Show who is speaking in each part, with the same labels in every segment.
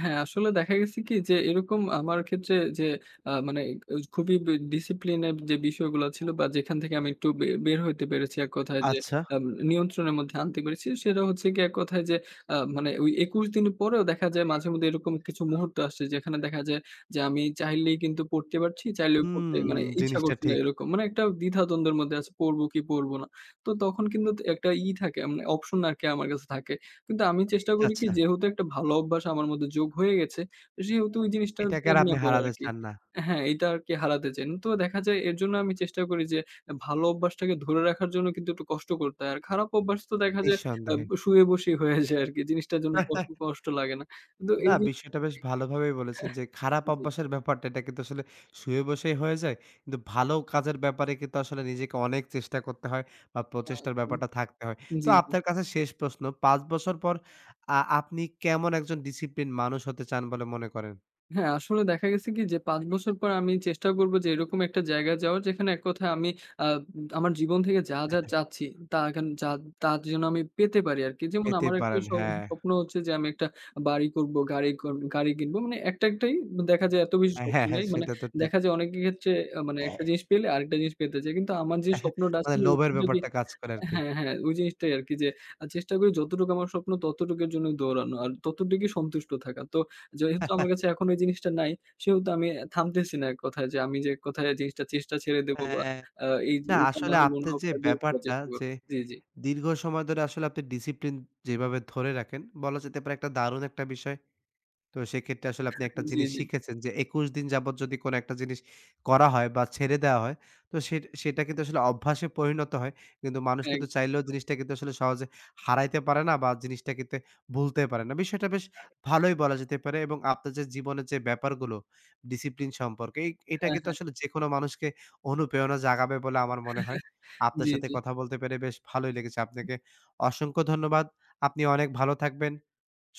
Speaker 1: হ্যাঁ, আসলে দেখা গেছে কি? যে এরকম আমার ক্ষেত্রে যে আ মানে এ এই খুবই এ ডিসিপ্লিনের যে বিষয়গুলা ছিল বা, যেখান থেকে আমি একটু বে বের হইতে পেরেছি এককথায় যে
Speaker 2: আচ্ছা।
Speaker 1: আব নিয়ন্ত্রণের মধ্যে আনতে পেরেছি, সেটা হচ্ছে গিয়ে এককথায় যে আ মানে ওই ২১ দিন পরেও দেখা যায় মাঝে মধ্যে এরকম কিছু মুহূর্ত আসছে, যেখানে দেখা যায় যে আমি চাইলেই কিন্তু পড়তে পারছি। চাইলেও পড়তে
Speaker 2: হুম,
Speaker 1: মানে ইচ্ছা
Speaker 2: জিনিসটা
Speaker 1: করছে না
Speaker 2: ঠিক।
Speaker 1: এরকম। মানে একটা দ্বিধাদ্বন্দ্বের মধ্যে আছি পড়বো কি, পড়বো না। তো তখন কিন্তু ত একটা ই থাকে মানে অপশন আরকি আমার কাছে থাকে। কিন্তু আমি চেষ্টা করি কি
Speaker 2: আচ্ছা।
Speaker 1: যেহেতু একটা ভালো অভ্যাস আমার মধ্যে যোগ হয়ে গেছে, সেহেতু এই জিনিসটা
Speaker 2: এটাকে আর আপনি
Speaker 1: [unintelligible] করা
Speaker 2: হারাতে
Speaker 1: আরকি।
Speaker 2: চান না।
Speaker 1: হ্যাঁ, এইটা আরকি হারাতে চাই না। তো দেখা যায় এর জন্য আমি চেষ্টা করি যে এ ভালো অভ্যাসটাকে ধরে রাখার জন্য কিন্তু একটু কষ্ট করতে হয়। আর খারাপ অভ্যাস তো দেখা যায় আ্ব
Speaker 2: নিঃসন্দেহে।
Speaker 1: শুয়ে বসেই হয়ে যায় আরকি। জিনিসটার জন্য কষ্ট কষ্ট লাগে না। কিন্তু
Speaker 2: না,
Speaker 1: এই জিনিস
Speaker 2: বিষয়টা বেশ
Speaker 1: এ
Speaker 2: ভালোভাবেই বলেছেন যে, "খারাপ
Speaker 1: এহ জ্বী।
Speaker 2: অভ্যাসের ব্যাপারটা এটা কিন্তু আসলে শুয়ে বসেই হয়ে যায়। কিন্তু ভালো কাজের ব্যাপারে কিন্তু আসলে নিজেকে অনেক চেষ্টা করতে হয় বা প্রচেষ্টার
Speaker 1: [unintelligible]
Speaker 2: ব্যাপারটা থাকতে হয়।"
Speaker 1: জ্বী,
Speaker 2: তো
Speaker 1: জ্বী।
Speaker 2: আপনার কাছে শেষ প্রশ্ন। ৫ বছর পর আ আপনি কেমন একজন ডিসিপ্লিন মানুষ হতে চান বলে মনে করেন?
Speaker 1: হ্যাঁ, আসলে দেখা গেছে কি? যে ৫ বছর পর আমি চেষ্টা করবো যে এরকম একটা জায়গায় যাওয়ার যেখানে এক কথায় আমি আ আব আমার জীবন থেকে যা, যা চাচ্ছি, তা এখেন যা তা যেন আমি পেতে পারি আরকি। যেমন
Speaker 2: পেতে
Speaker 1: আমার একটা
Speaker 2: পারেন।
Speaker 1: স
Speaker 2: হ্যাঁ।
Speaker 1: স্বপ্ন হচ্ছে যে আমি একটা বাড়ি করবো, গাড়ি করবো গাড়ি কিনবো। মানে একটা-একটাই। দ দেখা যায় এত বেশি
Speaker 2: অ্যা
Speaker 1: স্বপ্ন
Speaker 2: হ্যাঁ, হ্যাঁ
Speaker 1: নাই। মানে
Speaker 2: সেটা তো ঠিক।
Speaker 1: দেখা যায় অনেকের ক্ষেত্রে আ মানে একটা জিনিস পেলে আরেকটা জিনিস পেতে চায়। কিন্তু আমার যেই স্বপ্নটা আছে
Speaker 2: মানে লোভের
Speaker 1: এরকম যদি
Speaker 2: ব্যাপারটা কাজ করে আরকি।
Speaker 1: হ্যাঁ, হ্যাঁ। ওই জিনিসটাই আরকি যে আ চেষ্টা করি যতটুকু আমার স্বপ্ন ততটুকের জন্য দৌড়ানো। আর ততটুকই সন্তুষ্ট থাকা। তো যেহেতু আমার কাছে এখন এই জিনিসটা নাই, সেহেতু আমি এ থামতেছি না এককথায়। যে আমি যে এককথায় জিনিসটা চেষ্টা ছেড়ে দেব বা
Speaker 2: হ্যাঁ।
Speaker 1: আ এই
Speaker 2: না আসলে আপনার যে
Speaker 1: [unintelligible]
Speaker 2: ব্যাপারটা
Speaker 1: চেষ্টা করবো
Speaker 2: যে
Speaker 1: জ্বী, জ্বী।
Speaker 2: দীর্ঘ সময় ধরে আসলে আপনি ডিসিপ্লিন যেভাবে ধরে রাখেন, বলা যেতে পারে একটা দারুন একটা বিষয়। তো সেক্ষেত্রে আসলে আপনি
Speaker 1: [unintelligible]
Speaker 2: একটা
Speaker 1: জ্বী,
Speaker 2: জিনিস
Speaker 1: জ্বী।
Speaker 2: শিখেছেন যে ২১ দিন যাবত যদি কোন একটা জিনিস করা হয় বা, ছেড়ে দেওয়া হয়, তো সেট সেটা কিন্তু আসলে অভ্যাসে পরিণত হয়। কিন্তু মানুষ কিন্তু চাইলেও
Speaker 1: একদমই
Speaker 2: জিনিসটা কিন্তু আসলে সহজে হারাইতে পারে না বা জিনিসটা কিন্তু ভুলতে পারে না। বিষয়টা বেশ ভালোই বলা যেতে পারে এবং আপনার যে জীবনের যে ব্যাপারগুলো ডিসিপ্লিন সম্পর্কে এই এটা
Speaker 1: হ্যাঁ,
Speaker 2: কিন্তু
Speaker 1: হ্যাঁ।
Speaker 2: আসলে যেকোনো মানুষকে অনুপ্রেরণা জাগাবে বলে আমার মনে হয়। আপনার
Speaker 1: জ্বী,
Speaker 2: সাথে
Speaker 1: জ্বী।
Speaker 2: কথা বলতে পেরে বেশ ভালোই লেগেছে। আপনাকে অসংখ্য ধন্যবাদ। আপনি অনেক ভালো থাকবেন,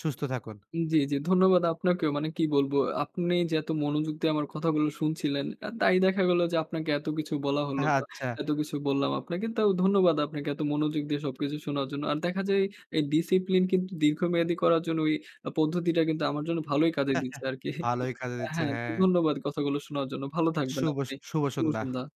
Speaker 2: সুস্থ থাকুন।
Speaker 1: উ জ্বী, জ্বী। ধন্যবাদ আপনাকেও। মানে কি বলবো? আ আপনি যে এত মনোযোগ দিয়ে আমার কথাগুলো শুনছিলেন। এ তাই দেখা গেল যে আপনাকে এত কিছু বলা হলো
Speaker 2: হ্যাঁ,
Speaker 1: বা
Speaker 2: আচ্ছা।
Speaker 1: এত কিছু বললাম আপনাকেও। তাও ধন্যবাদ আপনাকে এত মনোযোগ দিয়ে সবকিছু শোনার জন্য। আর দেখা যায় এই ডিসিপ্লিন কিন্তু দীর্ঘমেয়াদী করার জন্য ওই আ পদ্ধতিটা কিন্তু আমার জন্য ভালোই কাজে দিচ্ছে আরকি।
Speaker 2: ভালোই কাজে দিচ্ছে
Speaker 1: হ্যাঁ। তো
Speaker 2: হ্যাঁ।
Speaker 1: ধন্যবাদ কথাগুলো শোনার জন্য। ভালো থাকবেন
Speaker 2: শুভ স
Speaker 1: আপনি।
Speaker 2: শুভ
Speaker 1: শুভ
Speaker 2: সন্ধ্যা।
Speaker 1: সন্ধ্যা।